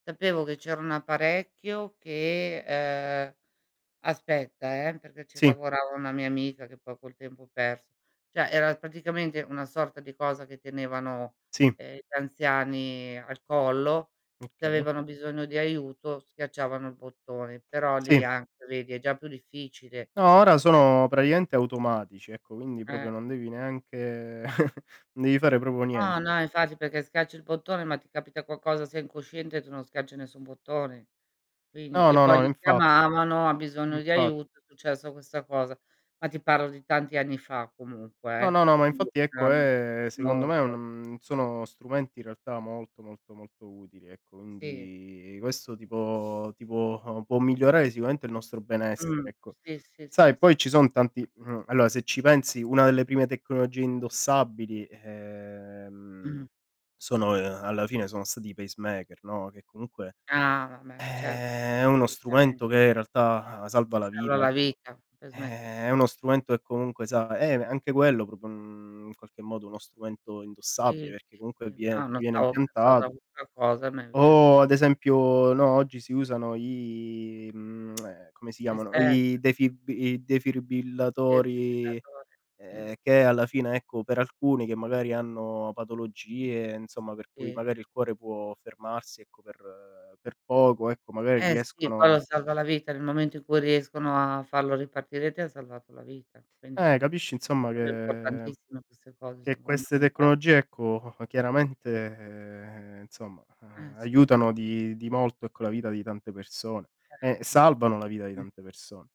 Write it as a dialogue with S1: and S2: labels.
S1: Sapevo che c'era un apparecchio che ehm aspetta eh, perché ci
S2: Sì.
S1: lavorava una mia amica che poi col tempo perso. Cioè era praticamente una sorta di cosa che tenevano,
S2: Sì.
S1: uhm, gli anziani al collo, se
S2: Okay.
S1: avevano bisogno di aiuto schiacciavano il bottone, però
S2: Sì.
S1: lì anche vedi è già più difficile.
S2: No, ora sono praticamente automatici, ecco quindi
S1: Eh.
S2: proprio non devi neanche non devi fare proprio
S1: No,
S2: niente.
S1: no infatti perché schiacci il bottone, ma ti capita qualcosa, sei incosciente e tu non schiacci nessun bottone. Quindi
S2: No,
S1: e
S2: no,
S1: poi
S2: no
S1: li
S2: infa
S1: chiamavano, ha bisogno di
S2: Infa
S1: aiuto, è successa questa cosa. Ma ti parlo di tanti anni fa
S2: No,
S1: comunque.
S2: no, no, ma infatti ecco
S1: [unintelligible]
S2: è secondo me
S1: molto.
S2: un sono strumenti in realtà molto, molto, molto utili ecco
S1: Si
S2: quindi questo tipo tipo può migliorare sicuramente il nostro
S1: Mh.
S2: benessere ecco.
S1: Si, si,
S2: Sai
S1: si.
S2: poi ci son tanti, mh, allora se ci pensi una delle prime tecnologie indossabili ehm
S1: Mh.
S2: sono alla fine sono stati i pacemaker, no, che comunque
S1: Ah vabbè certo,
S2: eh è uno
S1: assolutamente.
S2: strumento che in realtà salva
S1: Ti
S2: la
S1: salva
S2: vita,
S1: la
S2: ecco.
S1: vita,
S2: Eh
S1: pacemaker.
S2: è uno strumento che comunque sa eh, anche quello proprio, uhm, in qualche modo uno strumento
S1: Si,
S2: indossabile perché
S1: si,
S2: comunque
S1: si.
S2: vie
S1: No, non
S2: ti viene
S1: stavo pensando a
S2: impiantato
S1: questa cosa ma è vero.
S2: o ad esempio no, oggi si usano i, mhmm, come si
S1: Gli
S2: chiamano? I
S1: stealth.
S2: defibbi i defribillatori
S1: Defibrillatore, sì.
S2: che alla fine ecco per alcuni che magari hanno patologie insomma per cui
S1: Si.
S2: magari il cuore può fermarsi ecco per per poco ecco magari
S1: Eh sì, quello
S2: riescono
S1: salva la vita nel momento in cui riescono a farlo ripartire ti han salvato la vita. Quindi
S2: Eh,
S1: sì,
S2: capisci insomma
S1: sono
S2: che
S1: importantissime queste cose,
S2: che
S1: sono
S2: queste
S1: fondamentali.
S2: tecnologie ecco, chiaramente, insomma
S1: Eh sì.
S2: aiutano di di molto ecco la vita di tante persone. E
S1: Certo.
S2: salvano la vita di
S1: [unintelligible]
S2: tante persone.